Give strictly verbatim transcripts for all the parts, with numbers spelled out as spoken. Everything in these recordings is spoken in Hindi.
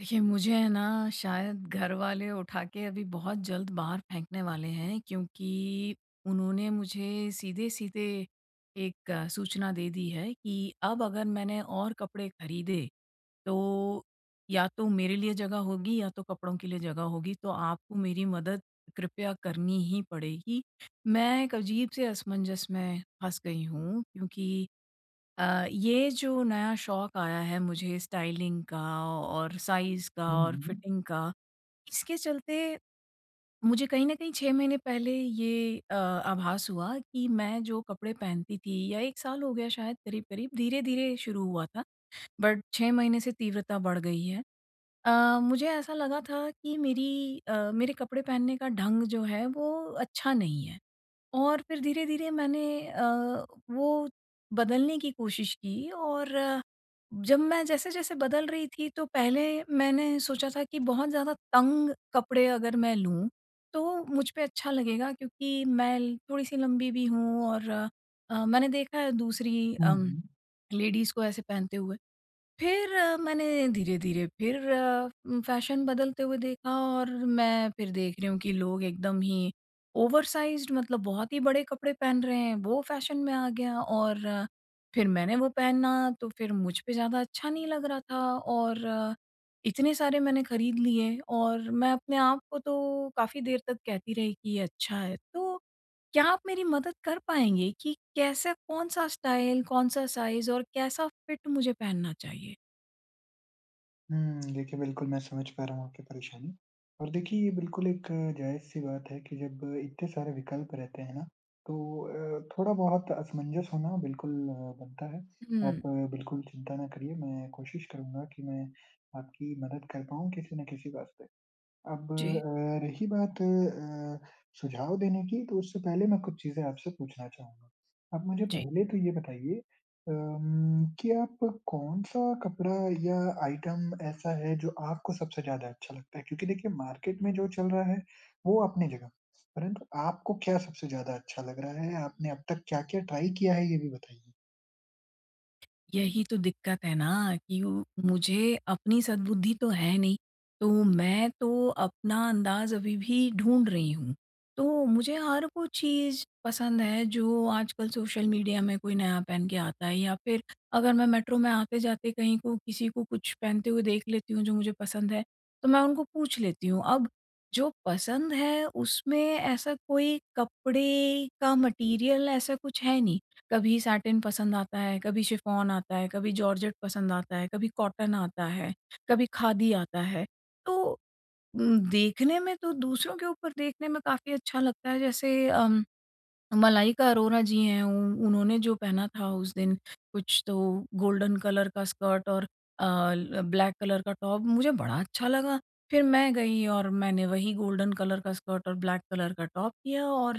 देखिए मुझे है ना शायद घरवाले उठा के अभी बहुत जल्द बाहर फेंकने वाले हैं क्योंकि उन्होंने मुझे सीधे-सीधे एक सूचना दे दी है कि अब अगर मैंने और कपड़े खरीदे, तो या तो मेरे लिए जगह होगी या तो कपड़ों के लिए जगह होगी तो आपको मेरी मदद कृपया करनी ही पड़ेगी। मैं एक अजीब से असमंजस में फँस गई हूँ क्योंकि अ, ये जो नया शौक आया है मुझे स्टाइलिंग का और साइज़ का हुँ, और हुँ। फिटिंग का इसके चलते, मुझे कहीं न कहीं छह महीने पहले ये अ, आभास हुआ कि मैं जो कपड़े पहनती थी या एक साल हो गया शायद करीब-करीब धीरे-धीरे शुरू हुआ था, बट छह महीने से तीव्रता बढ़ गई है। अ, मुझे ऐसा लगा था कि मेरी अ, मेरे कपड़े पहनने का ढंग जो है वो अच्छा नहीं है और फिर धीरे-धीरे मैंने अ, वो बदलने की कोशिश की और जब मैं जैसे-जैसे बदल रही थी तो पहले मैंने सोचा था कि बहुत ज़्यादा तंग कपड़े अगर मैं लूँ, तो मुझ पे अच्छा लगेगा क्योंकि मैं ल थोड़ी-सी लम्बी भी हूँ और अ, मैंने देखा है दूसरी हुँ, अम हुँ। लेडीज़ को ऐसे पहनते हुए। फिर मैंने धीरे-धीरे फिर उम, फ़ैशन बदलते हुए देखा और मैं फिर देख रही हूँ कि लोग एकदम ही ओवरसाइज्ड मतलब बहुत ही बड़े कपड़े पहन रहे हैं वो फ़ैशन में आ गया और फिर मैंने वो पहना तो फिर मुझ पे ज़्यादा अच्छा नहीं लग रहा था और इतने सारे मैंने खरीद लिए और मैं अपने आप को तो काफ़ी देर तक कहती रही कि ये अच्छा है। तो क्या आप मेरी मदद कर पाएँगे कि कैसे कौन-सा स्टाइल कौन-सा साइज़ और कैसा फिट मुझे पहनना चाहिए? हुँ, देखिए बिल्कुल मैं समझ पा रहा हूँ आपकी परेशानी और देखिए ये बिल्कुल एक जायज़ सी बात है कि जब इतने सारे विकल्प रहते हैं ना तो अ, थोड़ा बहुत असमंजस होना बिल्कुल अ, बनता है। आप हुँ। बिल्कुल चिंता ना करिए, मैं कोशिश करूँगा कि मैं आपकी मदद कर पाऊँ किसी ना किसी बात पे। अब जी। अ, रही बात अ, सुझाव देने की तो उससे पहले मैं कुछ चीज़ें आपसे पूछना चाहूँगा। आप मुझे जी। पहले तो ये बताइए अम कि आप कौन-सा कपड़ा या आइटम ऐसा है जो आपको सबसे ज़्यादा अच्छा लगता है? क्योंकि देखिए मार्केट में जो चल रहा है वो अपनी जगह, परंतु आपको क्या सबसे ज़्यादा अच्छा लग रहा है, आपने अब तक क्या-क्या ट्राई किया है ये भी बताइए? यही तो दिक्कत है ना कि वो मुझे अपनी सद्बुद्धि तो है नहीं, तो मैं तो अपना अंदाज़ अभी भी ढूँढ रही हूँ। तो मुझे हर वो चीज़ पसंद है जो आजकल सोशल मीडिया में कोई नया पहन के आता है या फिर अगर मैं मेट्रो में आते-जाते कहीं को किसी को कुछ पहनते हुए देख लेती हूँ जो मुझे पसंद है, तो मैं उनको पूछ लेती हूँ। अब जो पसंद है उसमें ऐसा कोई कपड़े का मैटेरियल ऐसा कुछ है नहीं, कभी सैटिन पसंद आता है कभी शिफॉन आता है, कभी जॉर्जेट पसंद आता है, कभी कॉटन आता है, कभी खादी आता है। तो उम, देखने में तो दूसरों के ऊपर देखने में काफ़ी अच्छा लगता है, जैसे अम मलाइका अरोरा जी हैं उ उन्होंने जो पहना था उस दिन कुछ तो, गोल्डन कलर का स्कर्ट और अ, ल ब्लैक कलर का टॉप मुझे बड़ा अच्छा लगा, फिर मैं गई और मैंने वही गोल्डन कलर का स्कर्ट और ब्लैक कलर का टॉप किया और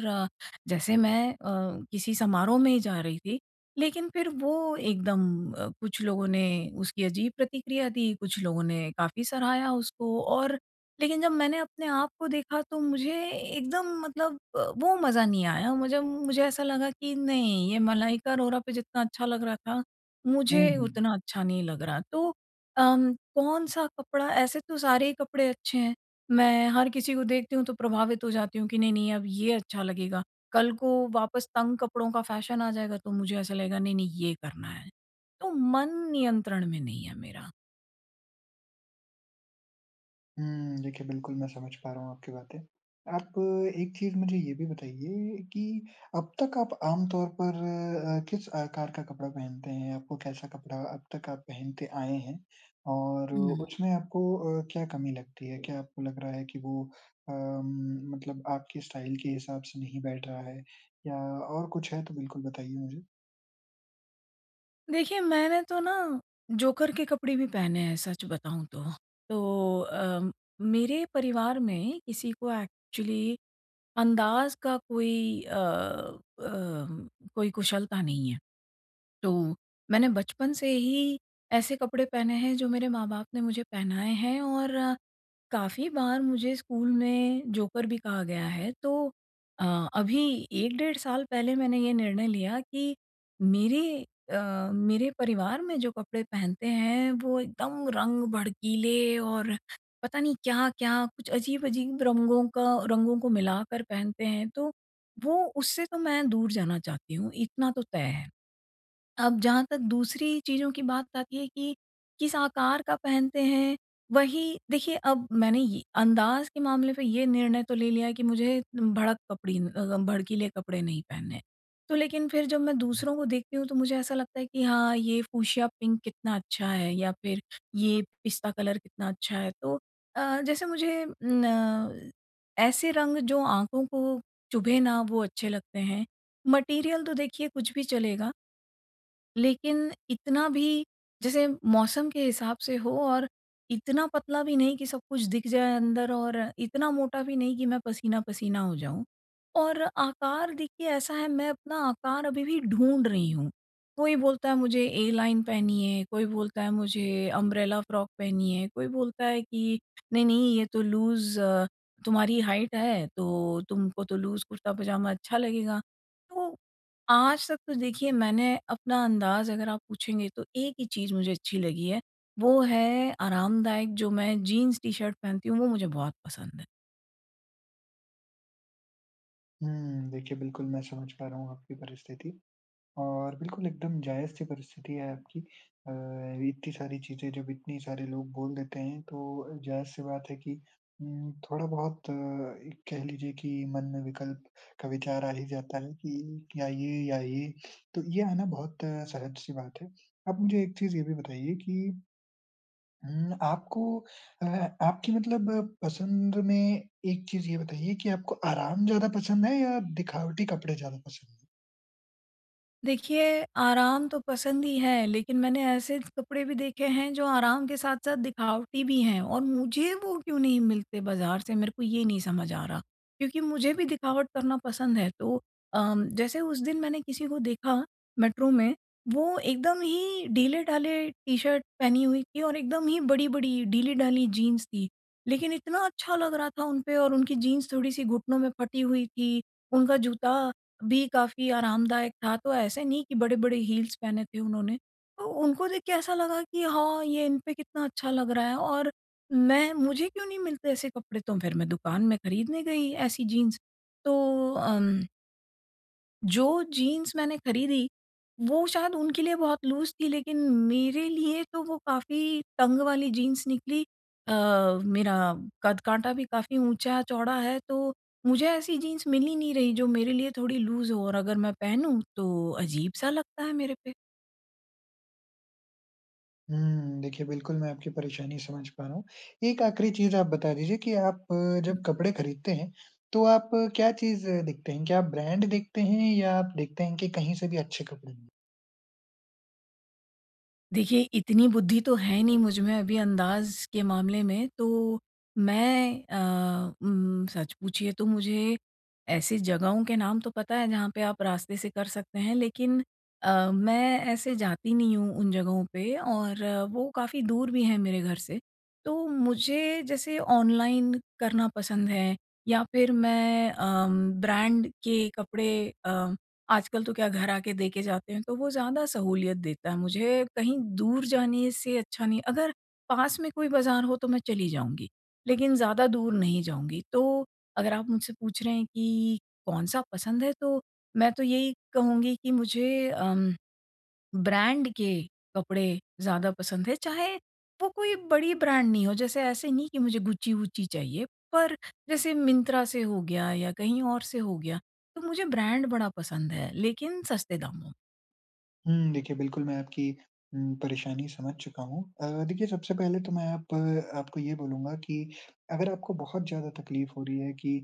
जैसे मैं अ, किसी समारोह में ही जा रही थी, लेकिन फिर वो एकदम अ, कुछ लोगों ने उसकी अजीब प्रतिक्रिया दी, कुछ लोगों ने काफ़ी सराहया उसको और लेकिन जब मैंने अपने आप को देखा तो मुझे एकदम मतलब वो मज़ा नहीं आया मुझे मुझे ऐसा लगा कि नहीं ये मलाइका अरोरा पे जितना अच्छा लग रहा था, हुँ, मुझे हुँ। उतना अच्छा नहीं लग रहा। तो अम कौन-सा कपड़ा ऐसे तो सारे ही कपड़े अच्छे हैं मैं हर किसी को देखती हूँ तो प्रभावित हो जाती हूँ कि नहीं-नहीं अब ये अच्छा लगेगा। कल को वापस तंग कपड़ों का फैशन आ जाएगा, तो मुझे ऐसा लगेगा नहीं-नहीं ये करना है। तो मन नियंत्रण में नहीं है मेरा। हुँ। देखिए बिल्कुल मैं समझ पा रहा हूँ आपकी बातें। आप एक चीज़ मुझे ये भी बताइए कि अब तक आप आम तौर पर अ, किस आकार का कपड़ा पहनते हैं? आपको कैसा कपड़ा अब तक आप पहनते आए हैं? और हुँ। उसमें आपको अ, क्या कमी लगती है? क्या आपको लग रहा है कि वो अ, म मतलब आपके स्टाइल के हिसाब से नहीं बैठ रहा है? या और कुछ है तो बिल्कुल बताइए मुझे? देखिए, मैंने तो ना जोकर के कपड़े भी पहने हैं सच बताऊँ तो। तो अ, मेरे परिवार में किसी को एक्चुअली अंदाज़ का कोई अ अम कोई कुशलता नहीं है। तो मैंने बचपन से ही ऐसे कपड़े पहने हैं जो मेरे माँ-बाप ने मुझे पहनाए हैं। और काफ़ी बार मुझे स्कूल में जोकर भी कहा गया है तो अ, अभी एक डेढ़ साल पहले मैंने ये निर्णय लिया कि मेरी अ, मेरे परिवार में जो कपड़े पहनते हैं वो एकदम रंग भड़कीले और पता नहीं क्या-क्या कुछ अज़ीब-अज़ीब रंगों का रंगों को मिलाकर पहनते हैं। तो वो उससे तो मैं दूर जाना चाहती हूँ इतना तो तय है। अब जहाँ तक दूसरी चीज़ों की बात आती है कि, किस आकार का पहनते हैं वही देखिए अब मैंने ये अंदाज़ के मामले पर ये निर्णय तो ले लिया है कि मुझे भड़क कपड़ी भड़कीले कपड़े नहीं पहनने हैं। तो लेकिन फिर जब मैं दूसरों को देखती हूँ तो मुझे ऐसा लगता है कि हाँ ये फ्यूशिया पिंक कितना अच्छा है या फिर ये पिस्ता कलर कितना अच्छा है। तो अ, जैसे मुझे ना, ऐसे रंग जो आँखों को चुभें ना वो अच्छे लगते हैं, मटीरियल तो देखिए कुछ भी चलेगा लेकिन इतना भी जैसे मौसम के हिसाब से हो और इतना पतला भी नहीं कि सब कुछ दिख जाए अंदर, और इतना मोटा भी नहीं कि मैं पसीना-पसीना हो जाऊँ। और आकार देखिए ऐसा है मैं अपना आकार अभी भी ढूँढ रही हूँ। कोई बोलता है मुझे एलाइन पहनिए, कोई बोलता है मुझे अम्ब्रेला फ्रॉक पहनिए, कोई बोलता है कि नहीं-नहीं ये तो लूज़ तुम्हारी हाइट है, तो तुमको तो लूज़ कुर्ता पजामा अच्छा लगेगा। तो आज तक तो देखिए मैंने अपना अंदाज़ अगर आप पूछेंगे, तो एक ही चीज़ मुझे अच्छी लगी है, वो है आरामदायक जो मैं जीन्स टी-शर्ट पहनती हूँ वो मुझे बहुत पसंद है। हुँ, देखिए बिल्कुल, मैं समझ पा रहा हूँ आपकी परिस्थिति और बिल्कुल एकदम जायज़-सी परिस्थिति है आपकी। अ, इतनी सारी चीज़ें, जब इतने सारे लोग बोल देते हैं तो अ, जायज़-सी बात है कि उम, थोड़ा-बहुत अ, एक कह लीजिए कि मन में विकल्प का विचार आ ही जाता है कि या ये, या ये। तो ये आना बहुत सहज सी बात है। आप मुझे एक चीज़ ये भी बताइए कि उम, आपको अ अ, आपकी मतलब पसंद में एक चीज़ ये बताइए कि आपको आराम ज़्यादा पसंद है या दिखावटी कपड़े ज़्यादा पसंद है? देखिए, आराम तो पसंद ही है। लेकिन मैंने ऐसे कपड़े भी देखे हैं जो आराम के साथ-साथ दिखावटी भी हैं और मुझे वो क्यों नहीं मिलते बाज़ार से मेरे को ये नहीं समझ आ रहा। क्योंकि मुझे भी दिखावट करना पसंद है। तो अ, जैसे उस दिन मैंने किसी को देखा मेट्रो में वो एकदम ही ढीले-ढाले टी-शर्ट पहनी हुई थी और एकदम ही बड़ी-बड़ी ढीले-ढाली जीन्स थी। लेकिन इतना अच्छा लग रहा था उन पे और उनकी जीन्स थोड़ी-सी घुटनों में फटी हुई थी, उनका जूता भी काफ़ी आरामदायक था। तो ऐसे नहीं कि बड़े-बड़े हील्स पहने थे उन्होंने। तो उनको देख के ऐसा लगा कि हाँ ये इन पे कितना अच्छा लग रहा है और मैं मुझे क्यों नहीं मिलते ऐसे कपड़े तो फ़िर मैं दुकान में खरीदने गई ऐसी जीन्स तो अम जो जीन्स मैंने खरीदी, वो शायद उनके लिए बहुत लूज़ थी लेकिन मेरे लिए तो वो काफ़ी तंग वाली जीन्स निकली अ, मेरा कद-काँटा भी काफ़ी ऊँचा चौड़ा है तो, मुझे ऐसी जीन्स मिल ही नहीं रही जो मेरे लिए थोड़ी लूज़ हो और अगर मैं पहनूँ तो अजीब-सा लगता है मेरे पे। हुँ, देखिए बिल्कुल मैं आपकी परेशानी समझ पा रहा हूँ। एक आख़िरी चीज़ आप बता दीजिए कि आप हुँ। जब कपड़े खरीदते हैं, तो आप क्या चीज़ देखते हैं? क्या आप ब्रांड देखते हैं या आप देखते हैं कि कहीं से भी अच्छे कपड़े मिले? देखिए, इतनी बुद्धि तो है नहीं मुझ में अभी अंदाज़ के मामले में तो मैं अ, उम, सच पूछिए तो मुझे ऐसी जगहों के नाम तो पता है जहाँ पे आप रास्ते से कर सकते हैं लेकिन अ, मैं ऐसे जाती नहीं हूँ उन जगहों पे और वो काफ़ी दूर भी हैं मेरे घर से, तो मुझे जैसे ऑनलाइन करना पसंद है या फिर मैं अ, उम, ब्रांड के कपड़े अ, आजकल तो क्या घर आके देके जाते हैं तो वो ज़्यादा सहूलियत देता है मुझे कहीं दूर जाने से अच्छा नहीं अगर पास में कोई बाज़ार हो तो मैं चली जाऊँगी, लेकिन ज़्यादा दूर नहीं जाऊँगी तो अगर आप मुझसे पूछ रहे हैं कि कौन-सा पसंद है तो मैं तो यही कहूँगी कि मुझे उम, ब्रांड के कपड़े ज़्यादा पसंद है चाहे वो कोई बड़ी ब्रांड नहीं हो जैसे ऐसे नहीं कि मुझे गुच्ची-वुच्ची चाहिए। पर जैसे मिंत्रा से हो गया या कहीं और से हो गया। तो, मुझे ब्रांड बड़ा पसंद है लेकिन सस्ते दामों में। हुँ, देखिए बिल्कुल मैं आपकी उम, परेशानी समझ चुका हूँ। अ, देखिए सबसे पहले तो मैं आप आपको ये बोलूँगा कि अगर आपको बहुत ज़्यादा तकलीफ़ हो रही है कि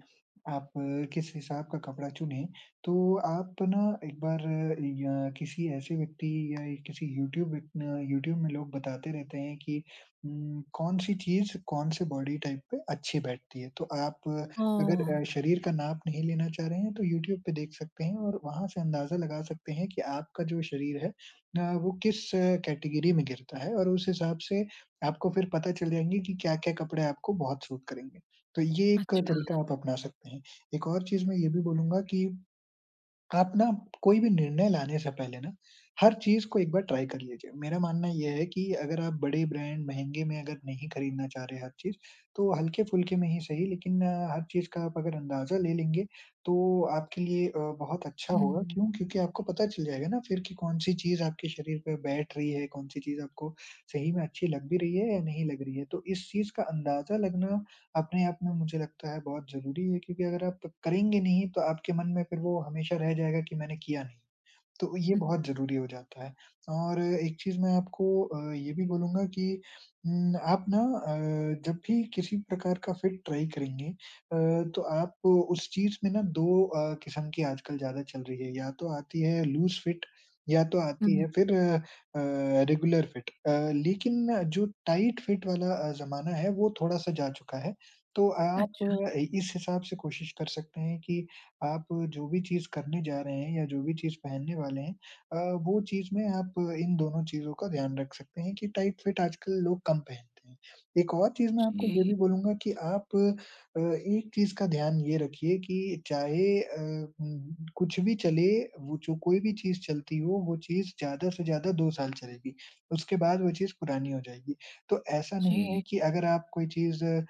आप किस हिसाब का कपड़ा चुनें, तो आप ना एक बार या किसी ऐसे व्यक्ति या किसी यूट्यूब अ, यूट्यूब में लोग बताते रहते हैं कि उम, कौन सी चीज़ कौन से बॉडी टाइप पे अच्छी बैठती है। तो आप अगर ओह! अ, शरीर का नाप नहीं लेना चाह रहे हैं तो यूट्यूब पे देख सकते हैं और वहाँ से अंदाज़ा लगा सकते हैं कि आपका जो शरीर है अ, वो किस कैटेगरी में गिरता है और उस हिसाब से आपको फिर पता चल जाएँगे कि क्या-क्या कपड़े आपको बहुत सूट करेंगे, तो ये एक तरीक़ा अच्छा। आप अपना सकते हैं। एक और चीज़ मैं ये भी बोलूँगा कि आप ना कोई भी निर्णय लाने से पहले ना, हर चीज़ को एक बार ट्राई कर लीजिए। मेरा मानना ये है कि अगर आप बड़े ब्रांड महँगे में अगर नहीं खरीदना चाह रहे हैं हर चीज़, तो हल्के-फुल्के में ही सही लेकिन अ, हर चीज़ का आप अगर अंदाज़ा ले लेंगे तो आपके लिए अ, बहुत अच्छा होगा, हुँ। क्यों? क्योंकि आपको पता चल जाएगा ना फिर की कौन-सी चीज़ आपके शरीर पे बैठ रही है, कौन-सी चीज़ आपको सही में अच्छी लग भी रही है या नहीं लग रही है। तो इस चीज़ का अंदाज़ा लगना अपने आप में मुझे लगता है बहुत ज़रूरी है क्योंकि अगर आप करेंगे नहीं तो आपके मन में फिर वो हमेशा रह जाएगा कि मैंने किया नहीं, तो ये हुँ। बहुत ज़रूरी हो जाता है और एक चीज़ मैं आपको अ, ये भी बोलूँगा कि उम, आप ना अ, जब भी किसी प्रकार का फिट ट्राई करेंगे अ, तो आप उस चीज़ में ना दो अ, क़िस्म की आजकल ज़्यादा चल रही है, या तो आती है लूज़ फिट या तो आती हुँ। है फिर अ, रेगुलर फिट। अ, लेकिन जो टाइट फिट वाला अ, ज़माना है वो थोड़ा-सा जा चुका है। तो, आप अच्छा। अ, इस हिसाब से कोशिश कर सकते हैं कि आप जो भी चीज़ करने जा रहे हैं या जो भी चीज़ पहनने वाले हैं अ, वो चीज़ में आप इन दोनों चीज़ों का ध्यान रख सकते हैं कि टाइट फिट आजकल लोग कम पहनते हैं। एक और चीज़ मैं आपको वो जी। भी बोलूँगा कि आप अ, एक चीज़ का ध्यान ये रखिए कि चाहे अ, उम, कुछ भी चले वो जो कोई भी चीज़ चलती हो वो चीज़ ज़्यादा से ज़्यादा दो साल चलेगी, उसके बाद वो चीज़ पुरानी हो जाएगी। तो ऐसा नहीं है जी। कि अगर आप कोई चीज़ अ,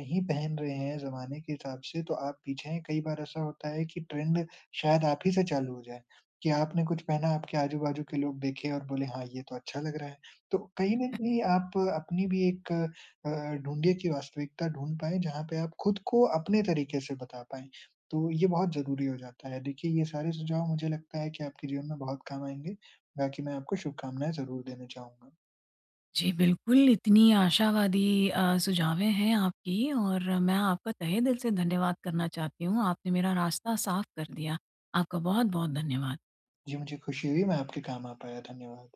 नहीं पहन रहे हैं ज़माने के हिसाब से तो आप पीछे हैं कई बार ऐसा होता है कि ट्रेंड शायद आप ही से चालू हो जाए, कि आपने कुछ पहना आपके आजू-बाजू के लोग देखे और बोले हाँ, ये तो अच्छा लग रहा है। तो कहीं ना कहीं आप अपनी भी एक अ अ, ढूँढ़िए कि वास्तविकता ढूँढ पाए जहाँ पे आप ख़ुद को अपने तरीके से बता पाएँ। तो ये बहुत ज़रूरी हो जाता है, देखिए ये सारे सुझाव मुझे लगता है कि आपके जीवन में बहुत काम आएँगे। बाकी मैं आपको शुभकामनाएँ ज़रूर देना चाहूँगा। जी, बिल्कुल। इतनी आशावादी अ, सुझावें हैं आपकी और मैं आपका तहे दिल से धन्यवाद करना चाहती हूँ, आपने मेरा रास्ता साफ़ कर दिया। आपका बहुत-बहुत धन्यवाद। जी, मुझे खुशी हुई मैं आपके काम आ पाया। धन्यवाद।